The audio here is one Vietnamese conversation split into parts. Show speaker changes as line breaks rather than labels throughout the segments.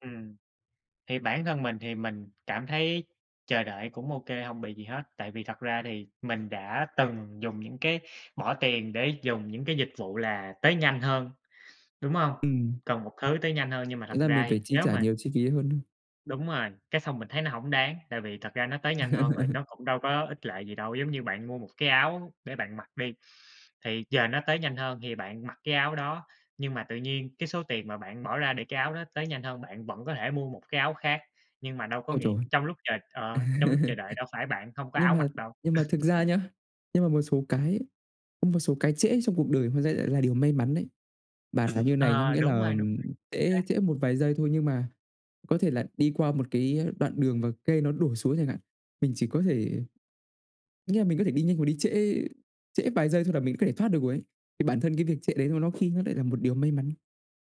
Ừm, thì bản thân mình thì mình cảm thấy chờ đợi cũng ô kê, hông bị gì hết, tại vì thật ra thì mình đã từng dùng những cái bỏ tiền để dùng những cái dịch vụ là tới nhanh hơn, đúng hông?
Ừm.
Cần một thứ tới nhanh hơn, nhưng mà thật
Thành ra
ra
mình phải
thì
chi
nếu
trả
mà
nhiều chi phí hơn.
Đúng rồi, cái xong mình thấy nó hổng đáng, tại vì thật ra nó tới nhanh hơn rồi nó cũng đâu có ích lợi gì đâu. Giống như bạn mua một cái áo để bạn mặc đi, thì giờ nó tới nhanh hơn thì bạn mặc cái áo đó, nhưng mà tự nhiên cái số tiền mà bạn bỏ ra để cái áo đó tới nhanh hơn, bạn vẫn có thể mua một cái áo khác, nhưng mà đâu có
Ôi
nghĩa
trời!
trong lúc chờ ờ, trong lúc chờ đợi đâu phải bạn không có
Nhưng
áo
mà
mặc đâu.
nhưng mà thực ra nhá, nhưng mà một số cái ấy, có một số cái trễ trong cuộc đời hóa ra lại là điều may mắn đấy. Bàn là như này nhá,
À,
nghĩa
đúng
là
rồi, đúng rồi, chính
trễ
xác.
trễ một vài giây thôi, nhưng mà có thể là đi qua một cái đoạn đường và cây nó đổ xuống chẳng hạn, mình chỉ có thể nghĩa là mình có thể đi nhanh hoặc đi trễ trễ vài giây thôi là mình có thể thoát được rồi ấy. Thì bản thân cái việc trễ đấy nó nó khi nó lại là một điều may mắn,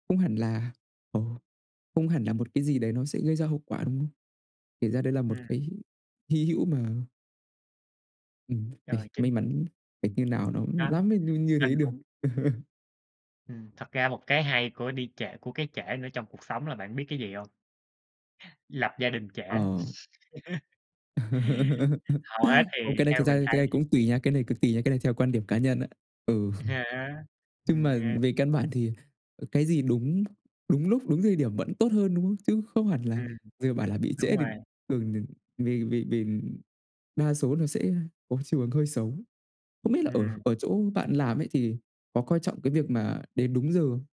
không hẳn là, ồ, không hẳn là một cái gì đấy nó sẽ gây ra hậu quả, đúng không? Kể ra đấy là một
Ừm.
cái h hy hữu mà Ừm,
Rồi
phải may
trên
mắn phải như nào nó, ưm,
Đó,
lắm mới nh như
mình
thế được.
cũng Ừm, thật ra một cái hay của đi trễ của cái trễ nữa trong cuộc sống là bạn biết cái gì hông? Lập gia đình trễ.
Ờ.
Hầu hết thì
Ô, cái này
theo
thực ra
mình
cái
thấy
này cũng tùy nha, cái này cực kỳ nha, cái này theo quan điểm cá nhân á. Ừ.
À há.
Chưng
Ừm
mà
ha.
về căn bản thì, ờ, cái gì đúng đúng lúc, đúng thời điểm vẫn tốt hơn, đúng không? Chứ không hẳn là
Ừm,
dừa bảo là bị trễ
đúng
thì
rồi.
thường thì [unintelligible] đa số nó sẽ có chiều hướng hơi xấu. Không biết là ở
Ừm.
ở chỗ bạn làm ấy, thì có coi trọng cái việc mà đến đúng giờ?